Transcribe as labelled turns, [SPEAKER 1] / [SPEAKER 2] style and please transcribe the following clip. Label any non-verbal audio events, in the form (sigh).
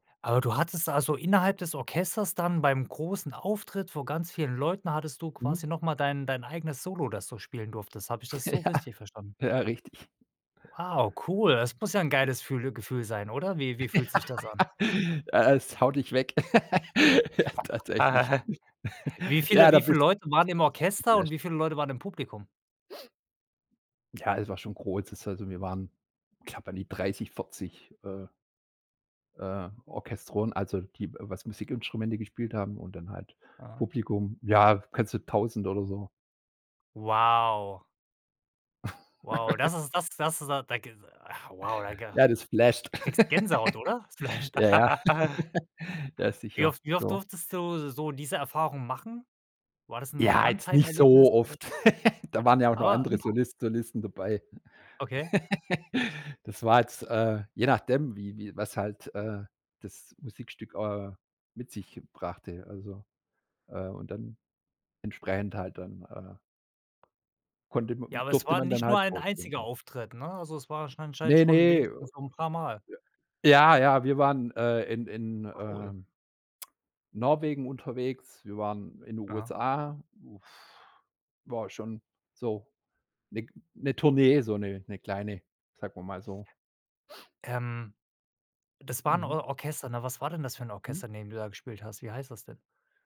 [SPEAKER 1] Aber du hattest, also, innerhalb des Orchesters dann beim großen Auftritt vor ganz vielen Leuten, hattest du quasi
[SPEAKER 2] Mhm.
[SPEAKER 1] noch mal dein dein eigenes Solo, das du spielen durftest. Habe ich das so
[SPEAKER 2] Ja.
[SPEAKER 1] richtig verstanden?
[SPEAKER 2] Ja, richtig.
[SPEAKER 1] Wow, cool. Es muss ja 'n geiles fühle Gefühl sein, oder wie wie fühlt sich das an?
[SPEAKER 2] Ja, äh, es haut dich weg. (chuckles) Ja, tatsächlich.
[SPEAKER 1] (chuckles) Wie
[SPEAKER 2] (chuckles)
[SPEAKER 1] viele
[SPEAKER 2] Ja, da
[SPEAKER 1] wie viele
[SPEAKER 2] bist
[SPEAKER 1] Leute waren im Orchester und
[SPEAKER 2] (unintelligible)
[SPEAKER 1] wie viele Leute waren im Publikum?
[SPEAKER 2] Ja, es war schon kurz, also, wir waren, ich glaube, an die 30, 40, äh äh, Orchestronen, also die, was Musikinstrumente gespielt haben und dann halt
[SPEAKER 1] Aha.
[SPEAKER 2] Publikum ja, ganze 1.000 oder so.
[SPEAKER 1] Wow. Wow, das
[SPEAKER 2] (chuckles)
[SPEAKER 1] ist das das da krig ach, wow, da g
[SPEAKER 2] Ja, das flasht.
[SPEAKER 1] kriegst du Gänsehaut, oder? Es
[SPEAKER 2] (chuckles)
[SPEAKER 1] flasht.
[SPEAKER 2] Ja, ja.
[SPEAKER 1] (laughs)
[SPEAKER 2] (chuckles) Ja,
[SPEAKER 1] Wie
[SPEAKER 2] sicher,
[SPEAKER 1] oft wie oft
[SPEAKER 2] so.
[SPEAKER 1] durftest du so diese Erfahrung machen? War das 'n
[SPEAKER 2] Ja, jetzt nicht
[SPEAKER 1] One-Time-Erlebnis,
[SPEAKER 2] so
[SPEAKER 1] oder
[SPEAKER 2] oft. (chuckles) Da waren ja auch noch
[SPEAKER 1] Aber
[SPEAKER 2] andere
[SPEAKER 1] im p
[SPEAKER 2] Soliste Solisten dabei.
[SPEAKER 1] Okay.
[SPEAKER 2] (chuckles) Das war jetzt, äh, je nachdem, wie wie was halt, äh, das Musikstück, äh, mit sich brachte, also, äh, und dann entsprechend halt dann, äh, konnte
[SPEAKER 1] Ja,
[SPEAKER 2] m
[SPEAKER 1] aber es
[SPEAKER 2] durfte
[SPEAKER 1] war
[SPEAKER 2] man dann
[SPEAKER 1] nicht nur
[SPEAKER 2] halt
[SPEAKER 1] ein
[SPEAKER 2] vorspielen,
[SPEAKER 1] einziger
[SPEAKER 2] ja.
[SPEAKER 1] Auftritt, ne, also es war anscheinend
[SPEAKER 2] Ne,
[SPEAKER 1] schon
[SPEAKER 2] ne.
[SPEAKER 1] wenigstens so 'n paar Mal?
[SPEAKER 2] Ja, ja, wir waren, äh, in in,
[SPEAKER 1] Cool.
[SPEAKER 2] ähm Norwegen unterwegs, wir waren in den
[SPEAKER 1] Aha.
[SPEAKER 2] USA, uff, war schon so 'ne 'ne Tournee, so 'ne 'ne kleine, sagen wir mal so.
[SPEAKER 1] Ähm, das war 'n
[SPEAKER 2] Mhm.
[SPEAKER 1] Or Orchester, ne? Was war denn das für 'n
[SPEAKER 2] Mhm.
[SPEAKER 1] Orchester, in dem du da gespielt hast? Wie heißt das denn?